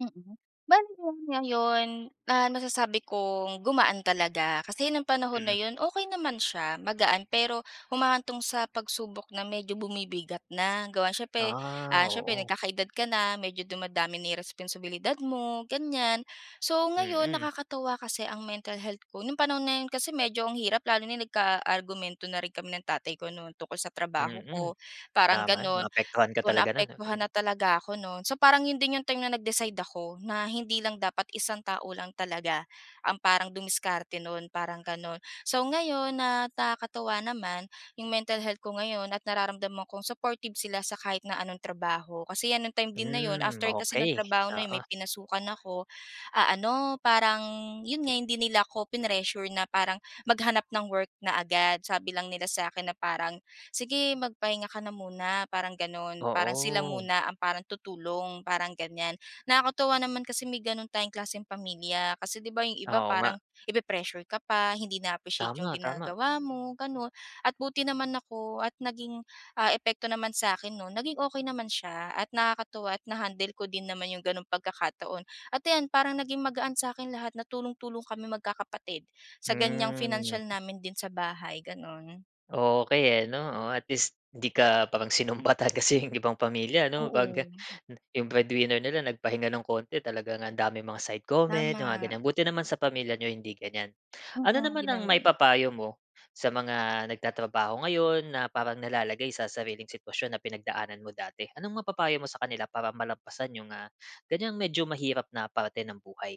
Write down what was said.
Mm. Bale ngayon, ah, nasasabi kong gumaan talaga kasi ng panahon na Mm. 'yon okey naman siya magaan pero humahantong sa pagsubok na medyo bumibigat na, gawa siyempre, Ah, ah, siyempre oo. nagkakaedad ka na medyo dumadami na yung responsibilidad mo gan'yan. So, ngayon Mm. nakakatuwa kasi ang mental health ko nung panahon na yun kasi medyo ang hirap lalo na yun nagkaargumento na rin kami ng tatay ko no'n tungkol sa trabaho Mm, ko parang tama 'yon gano'n maapektuhan ka kung talaga no'n naapektuhan 'no. na talaga ako no'n. So, parang 'yon din yung time na nag-decide ako na hindi lang dapat isang tao lang talaga ang parang dumiskarte no'n parang gano'n. So, ngayon na nakakatuwa naman yung mental health ko ngayon at nararamdam kong supportive sila sa kahit na anong trabaho, kasi 'yan nung time din na 'yon Hmm, after kasi nung okey trabaho na yon oo. may pinasukan ako, ah, ano parang yun nga hindi nila ako prinessure na parang maghanap ng work na agad. Sabi lang nila sa'kin na parang sige magpahinga ka na muna parang gano'n, parang sila Oo. muna ang parang tutulong parang gan'yan. Nakakatuwa naman kasi may gano'n tayong klaseng pamilya kasi di ba yung iba Oo, nga. parang ipi-pressure ka pa hindi na-appreciate yung Tama, tama. ginagawa mo gano'n. At buti naman ako at naging, ah, epekto naman sa'kin nun naging okey naman siya at nakakatuwa at na-handle ko din naman yung gano'ng pagkakataon. At ayan, parang naging magaan sa'kin lahat na tulong-tulong kami magkakapatid sa gan'yang Hmm. financial namin din sa bahay gano'n. Okey, eh, 'no, oh, at least di ka parang sinumbatan kasi yung ibang pamilya 'no pag Oo. yung breadwinner nila nagpahinga ng konti talagang ang daming mga side comment mga Tama. gan'yan. Buti naman sa pamilya niyo hindi gan'yan. Ano Mm, naman di ang naman. maipapayo mo sa mga nagtatrabaho ngayon na parang nalalagay sa sariling sitwasyon na pinagdaanan mo dati. Anong mapapayo mo sa kanila para malampasan yung, ah, gan'yang medyo mahirap na parte ng buhay?